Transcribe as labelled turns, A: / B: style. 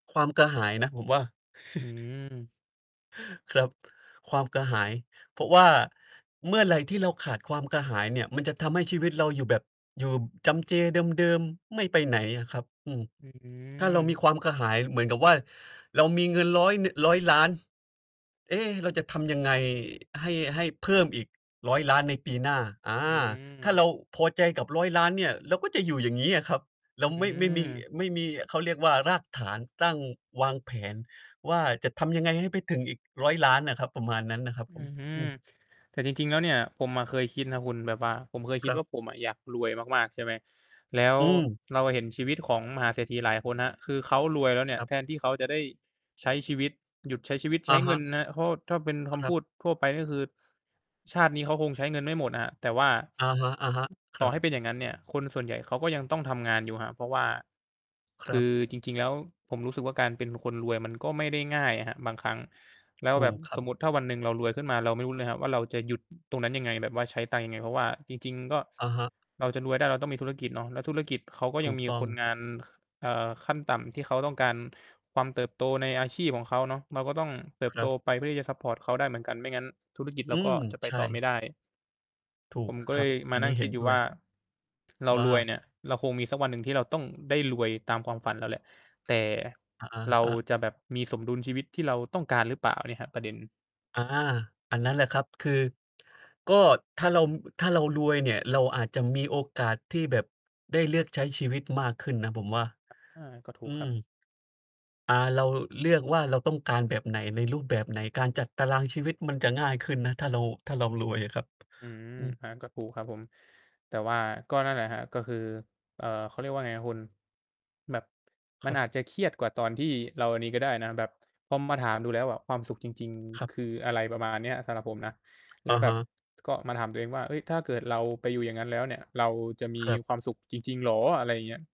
A: ความกระหายนะ ผมว่า
B: อืม
A: ครับ ความกระหาย เพราะว่าเมื่อไรที่เราขาดความกระหายเนี่ย มันจะทำให้ชีวิตเราอยู่แบบ อยู่จำเจเดิม ๆ ไม่ไปไหนอะครับ อืม
B: อื
A: ถ้าเรามี
B: ม
A: ความกระหายเหมือนกับว่า เรามีเงิน 100 นึ 100,000,000 "เอ๊! เราจะทำยังไงให้ ให้เพิ่มอีก 100,000,000 ในปีหน้า" อา
B: อื
A: ถ้าเ
B: ม
A: ราพอใจกับ 100,000,000 เนี่ย เราก็จะอยู่อย่างงี้อะครับ เร
B: อื
A: าไม่ ไม่มี
B: ม
A: ไม่มี เขาเรียกว่ารากฐาน ตั้งวางแผนว่า "จะทำยังไงให้ไปถึงอีก 100,000,000" อะครับ ประมาณนั้นน่ะครับ
B: อ
A: ผม
B: ือฮึ
A: อืม
B: แต่จริง ๆ แล้วเนี่ย ผมอะเคยคิดนะคุณ แบบว่าผมเคยค
A: ค
B: ิด
A: รั
B: ว่
A: บ
B: า ผมอะอยากรวยมาก ๆ ใช่ไหม แล้ว
A: อืม
B: เราเห็นชีวิตของมหาเศรษฐีหลายคนครับ คือเขารวยแล้วเนี่
A: ค
B: ย
A: รั
B: แ
A: บ
B: ทนที่เขาจะได้ใช้ชีวิต หยุดใช้ชีวิต ใช
A: อ
B: ้
A: ะ
B: เ
A: ฮ
B: งิน
A: ะ
B: นะ เพราะถ้าเป็นค
A: คร
B: ำพ
A: ับ
B: ูดทั่วไป ก็คือชาตินี้เขาคงใช้เงินไม่หมดครับ แต่ว่า
A: อะฮะ ๆ ค
B: ต
A: ร
B: ่อ
A: ั
B: ใ
A: บ
B: ห้เป็นอย่างงั้นเนี่ย คนส่วนใหญ่เขาก็ยังต้องทำงานอยู่ครับ เพราะว่า
A: ค
B: ค
A: รั
B: ื
A: บ
B: อจริง ๆ แล้ว ผมรู้สึกว่าการเป็นคนรวยมันก็ไม่ได้ง่ายอะครับบางครั้ง แล้
A: ถ
B: วแ
A: ู
B: บบ
A: กคร
B: ส
A: ับ
B: มมุติถ้าวันหนึ่งเรารวยขึ้นมา เราไม่รู้เลยครับว่าเราจะหยุด ตรงนั้นยังไง แบบว่าใช้ตังค์ยังไง เพราะว่า จริง ๆ ก็
A: อะฮะ
B: เราจะรวยได้เราต้องมีธุรกิจเนาะ แล้วธุรกิจเขาก็
A: ถ
B: ยั
A: ู
B: ง
A: ก
B: มี
A: ต้
B: ค
A: อง
B: นงาน ค อ่า ขั้นต่ำที่เขาต้องการความเติบโตในอาชีพของเขาเนาะ เราก็ต้องเติ
A: ค
B: บ
A: ร
B: โต
A: ับ
B: ไปเพื่อที่จะซัปพอร์ตเขาได้เหมือนกัน ไม่งั้นธุรกิจเร
A: อื
B: าก
A: ม
B: ็จะไป
A: ใช
B: ต่อไม่
A: ่
B: ได้
A: ถู
B: ผ
A: ก
B: มก็
A: ค
B: เ
A: ร
B: ล
A: ับ
B: ยม
A: อ
B: า
A: ัน
B: น
A: น
B: ั่
A: ี้
B: งค
A: เห
B: ิ
A: ็
B: ด
A: น
B: อยู่
A: ด้
B: ว
A: ว
B: ่า
A: ย
B: เรา
A: ว่
B: รวย
A: า?
B: เนี่ย เราคงมีสักวันหนึ่งที่เราต้องได้รวยตามความฝันเราแหละ แต่
A: อ อ
B: เร
A: ะ
B: า
A: ฮะ
B: จะแบบมีสมดุลชีวิตที่เราต้องการ หรือเปล่าเนี่ยครับ ประเด็น
A: อ อา อันนั้นแหละครับ คือ ก็ถ้าเรา ถ้าเรารวยเนี่ย เราอาจจะมีโอกาสที่แบบได้เลือกใช้ชีวิตมากขึ้นนะ ผมว่า
B: อา ก็ถู
A: อื
B: กครับ
A: ม อา เราเลือกว่า เราต้องการแบบไหน ในรูปแบบไหน การจัดตารางชีวิตมันจะง่ายขึ้นนะ ถ้าเรา ถ้าเรารวยอะครับ
B: อืม
A: อืม
B: อันนั้นก็ถูกครับผม แต่ว่าก็นั่นแหละครับ ก็คือ เอ่อ เขาเรียกว่าไงครับคุณ แบบ
A: ค
B: มั
A: ร
B: น
A: ับ
B: อาจจะเครียดกว่าตอนที่เราอันนี้ก็ได้นะ แบบพอมาถามดูแล้วความสุขจริง
A: คร
B: ๆ
A: ับ
B: คืออะไรประมาณนี้ สำหรับผมนะ แล
A: อ
B: ้ว
A: ะ
B: แบ
A: ฮ
B: บ
A: ะ
B: ก็มาถามตัวเองว่า เอ๊ย ถ้าเกิดเราไปอยู่อย่างงั้นแล้วเนี่ย เราจะมี
A: ครับ
B: ความสุขจริง ๆ เหรอ อะไรอย่างเงี้ย